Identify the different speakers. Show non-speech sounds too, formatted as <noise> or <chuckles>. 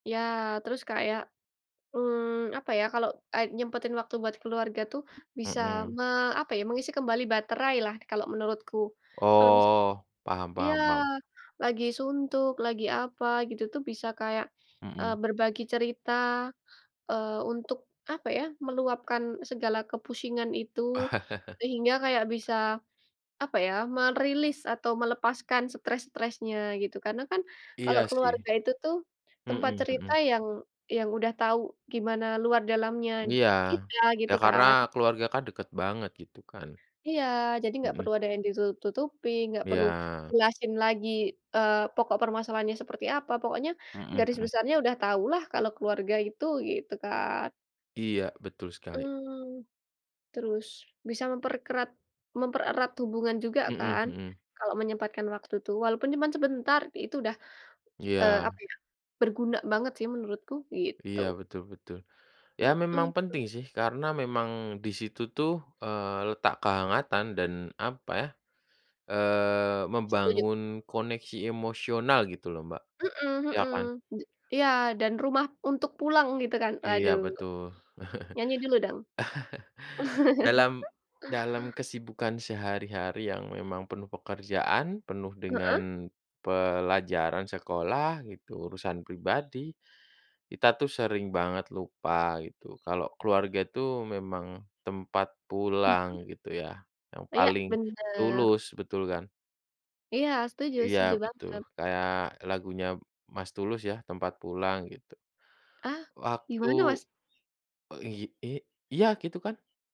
Speaker 1: Ya, terus kayak, mmm, apa ya kalau a nyempetin waktu buat keluarga tuh, bisa
Speaker 2: Mhm.
Speaker 1: me apa ya mengisi kembali baterailah kalau menurutku. Kalau misal
Speaker 2: Oh, paham
Speaker 1: iya,
Speaker 2: paham paham.
Speaker 1: lagi suntuk lagi apa gitu tuh bisa kayak, eee,
Speaker 2: Mhm.
Speaker 1: berbagi cerita, eee, untuk apa ya meluapkan segala kepusingan itu, sehingga kayak
Speaker 2: <chuckles>
Speaker 1: bisa, apa ya merilis atau melepaskan stres-stresnya gitu karena kan, kalau
Speaker 2: Iya sih.
Speaker 1: keluarga itu tuh, tempat
Speaker 2: Mhm
Speaker 1: cerita
Speaker 2: mhm.
Speaker 1: yang yang udah tahu gimana luar dalamnya
Speaker 2: Iya,
Speaker 1: kita
Speaker 2: ya
Speaker 1: gitu
Speaker 2: karena
Speaker 1: kan.
Speaker 2: keluarga kan dekat banget gitu kan.
Speaker 1: Iya, jadi nggak
Speaker 2: Mhm.
Speaker 1: perlu ada yang ditutup-tutupin, nggak perlu
Speaker 2: Iya.
Speaker 1: jelasin lagi, eee, pokok permasalahannya seperti apa pokoknya,
Speaker 2: Mhm
Speaker 1: garis
Speaker 2: mhm.
Speaker 1: besarnya udah tahulah kalau keluarga itu gitu kan.
Speaker 2: Iya, betul sekali.
Speaker 1: Mmm, terus, bisa memperkerat mempererat hubungan juga
Speaker 2: Mhm
Speaker 1: kan,
Speaker 2: mhm.
Speaker 1: kalau menyempatkan waktu tuh walaupun cuman sebentar itu udah, eee, apa
Speaker 2: Iya.
Speaker 1: ya, berguna banget sih menurutku gitu.
Speaker 2: Iya, betul betul. Ya memang
Speaker 1: Mhm.
Speaker 2: penting sih karena memang di situ tuh, eee, letak kehangatan dan apa ya,
Speaker 1: Ya,
Speaker 2: eee,
Speaker 1: setuju.
Speaker 2: membangun koneksi emosional gitu loh Mbak,
Speaker 1: Mhm
Speaker 2: ya
Speaker 1: mhm,
Speaker 2: kan?
Speaker 1: d iya, dan rumah untuk pulang gitu kan
Speaker 2: Iya,
Speaker 1: aduh.
Speaker 2: betul. <chuckles>
Speaker 1: Nyanyi dulu dong.
Speaker 2: Dalam
Speaker 1: <laughs>
Speaker 2: dalam kesibukan sehari-hari yang memang penuh pekerjaan penuh
Speaker 1: Heeh?
Speaker 2: dengan, pelajaran sekolah gitu urusan pribadi, kita tuh sering banget lupa gitu kalau keluarga itu memang tempat
Speaker 1: Mhm.
Speaker 2: pulang gitu ya, yang
Speaker 1: Ya,
Speaker 2: paling
Speaker 1: bener.
Speaker 2: tulus betul kan?
Speaker 1: Iya, setuju
Speaker 2: Iya,
Speaker 1: setuju
Speaker 2: betul,
Speaker 1: banget.
Speaker 2: kayak lagunya Mas Tulus ya, tempat pulang, gitu.
Speaker 1: Ah, gimana
Speaker 2: Waktu,
Speaker 1: Mas?
Speaker 2: iy i iya, gitu kan.